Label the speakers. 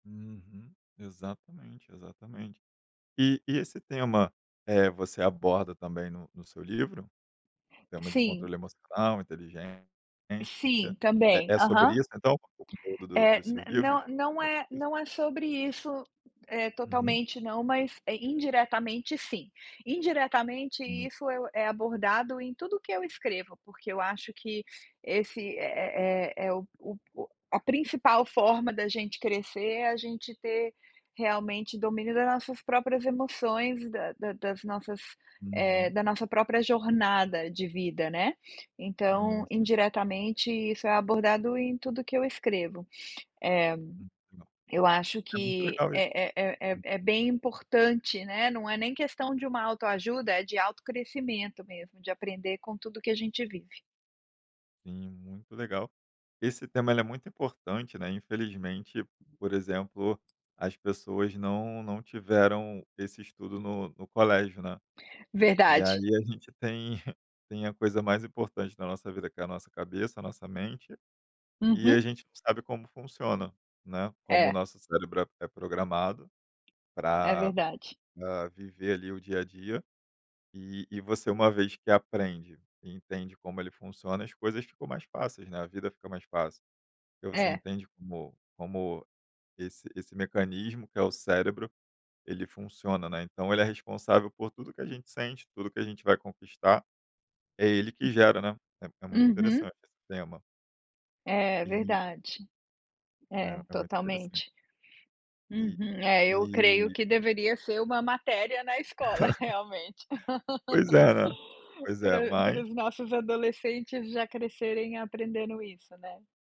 Speaker 1: Uhum. Exatamente, exatamente. E e esse tema, eh, você aborda também no no seu livro? Tema de
Speaker 2: Sim.
Speaker 1: controle emocional, inteligência
Speaker 2: Sim,
Speaker 1: é
Speaker 2: também.
Speaker 1: é sobre
Speaker 2: Aham.
Speaker 1: isso, então, o conteúdo do
Speaker 2: Eh,
Speaker 1: dos seus livros?
Speaker 2: não não
Speaker 1: É
Speaker 2: é
Speaker 1: sobre isso?
Speaker 2: não é sobre isso, eh,
Speaker 1: Uhum.
Speaker 2: totalmente, não, mas, eh, indiretamente, sim. Indiretamente,
Speaker 1: Hum.
Speaker 2: isso é o é abordado em tudo que eu escrevo, porque eu acho que esse é é é é o o o a principal forma da gente crescer, é a gente ter realmente domínio das nossas próprias emoções, da da das nossas, eh,
Speaker 1: Uhum.
Speaker 2: da nossa própria jornada de vida, né. Então,
Speaker 1: Hum, sim.
Speaker 2: indiretamente isso é abordado em tudo o que eu escrevo. Eh,
Speaker 1: Muito legal.
Speaker 2: eu acho
Speaker 1: É muito
Speaker 2: que
Speaker 1: legal isso.
Speaker 2: é é é é
Speaker 1: Hum.
Speaker 2: é bem importante, né, não é nem questão de uma autoajuda, é de autocrescimento mesmo, de aprender com tudo que a gente vive.
Speaker 1: Sim, muito legal. Esse tema, ele é muito importante, né, infelizmente, por exemplo, as pessoas não não tiveram esse estudo no no colégio, né, e
Speaker 2: Verdade.
Speaker 1: aí a gente tem tem a coisa mais importante na nossa vida que é a nossa cabeça, a nossa mente, e
Speaker 2: Uhum.
Speaker 1: a gente não sabe como funciona, né, como o
Speaker 2: É.
Speaker 1: nosso cérebro é é programado
Speaker 2: É
Speaker 1: pra,
Speaker 2: verdade.
Speaker 1: hã, viver, ali, o dia a dia, e e você uma vez que aprende e entende como ele funciona, as coisas ficam mais fáceis, né, a vida fica mais fácil. Porque você
Speaker 2: É.
Speaker 1: entende como como esse esse mecanismo, que é o cérebro, ele funciona, né, então ele é responsável por tudo que a gente sente, tudo que a gente vai conquistar, é ele que
Speaker 2: Hum.
Speaker 1: gera, né. É é muito
Speaker 2: Uhum.
Speaker 1: interessante esse tema.
Speaker 2: É,
Speaker 1: E
Speaker 2: verdade. É,
Speaker 1: É, é muito interessante.
Speaker 2: totalmente.
Speaker 1: E
Speaker 2: Uhum, é
Speaker 1: e
Speaker 2: eu creio que deveria ser uma matéria na escola realmente.
Speaker 1: Pois é, né. Pois é,
Speaker 2: Pra
Speaker 1: mas
Speaker 2: para os nossos adolescentes já crescerem aprendendo isso, né.